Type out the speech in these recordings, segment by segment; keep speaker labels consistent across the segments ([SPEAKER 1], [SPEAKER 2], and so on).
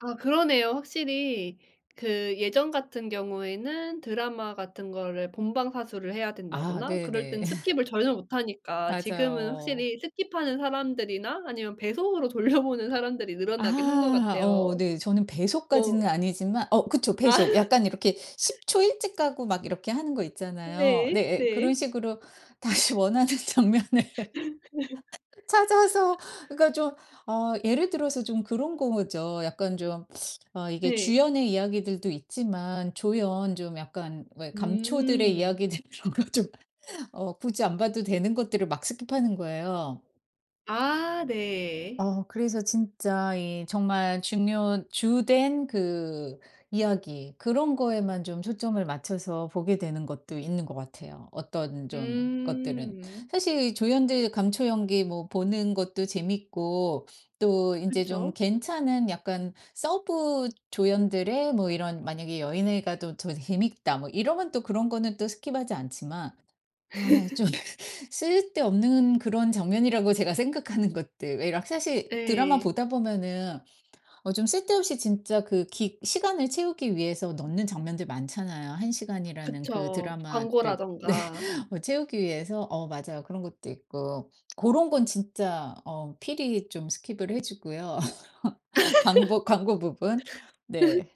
[SPEAKER 1] 아 그러네요. 확실히 그 예전 같은 경우에는 드라마 같은 거를 본방사수를 해야
[SPEAKER 2] 아
[SPEAKER 1] 된다거나 그럴
[SPEAKER 2] 네네.
[SPEAKER 1] 땐 스킵을 전혀 못 하니까 지금은
[SPEAKER 2] 맞아요.
[SPEAKER 1] 확실히 스킵하는 사람들이나 아니면 배속으로 돌려보는 사람들이 늘어나긴 한 거
[SPEAKER 2] 아 어
[SPEAKER 1] 같아요.
[SPEAKER 2] 네. 저는
[SPEAKER 1] 어.
[SPEAKER 2] 배속까지는 아니지만 어 그쵸.
[SPEAKER 1] 아.
[SPEAKER 2] 배속. 약간 이렇게 10 초 일찍 가고 막 이렇게 하는 거 있잖아요.
[SPEAKER 1] 네.
[SPEAKER 2] 네예. 그런
[SPEAKER 1] 네.
[SPEAKER 2] 식으로 다시 원하는 장면을 찾아서 그러니까 좀 어 예를 들어서 좀 그런 거죠. 약간 좀 어 이게
[SPEAKER 1] 네.
[SPEAKER 2] 주연의 이야기들도 있지만 조연 좀 약간 왜 감초들의
[SPEAKER 1] 음.
[SPEAKER 2] 이야기들 그런 거 좀 어 굳이 안 봐도 되는 것들을 막 스킵하는 거예요.
[SPEAKER 1] 아 네.
[SPEAKER 2] 어 그래서 진짜 이 정말 중요 주된 그 이야기, 그런 거에만 좀 초점을 맞춰서 보게 되는 것도 있는 것 같아요. 어떤 좀 것들은.
[SPEAKER 1] 음.
[SPEAKER 2] 사실 조연들 감초 연기 뭐 보는 것도 재밌고 또 인제 좀
[SPEAKER 1] 그쵸.
[SPEAKER 2] 괜찮은 약간 서브 조연들의 뭐 이런 만약에 '여 얘네가 또 저 재밌다.' 뭐 이러면 또 그런 거는 또 스킵하지 않지만, 아 좀 쓸데없는 그런 장면이라고 제가 생각하는 것들. 왜 이렇 사실 드라마
[SPEAKER 1] 예.
[SPEAKER 2] 보다 보면은 어 좀 쓸데없이 진짜 그 기 시간을 채우기 위해서 넣는 장면들 많잖아요. 1 시간이라는 그
[SPEAKER 1] 그쵸.
[SPEAKER 2] 드라마를 네.
[SPEAKER 1] 광고라든가.
[SPEAKER 2] 채우기 위해서 어 맞아요. 그런 것도 있고. 고런 건 진짜 어 필히 좀 스킵을 해 주고요. 광보 광고 부분. 네.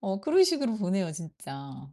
[SPEAKER 2] 어 그런 식으로 보네요. 진짜.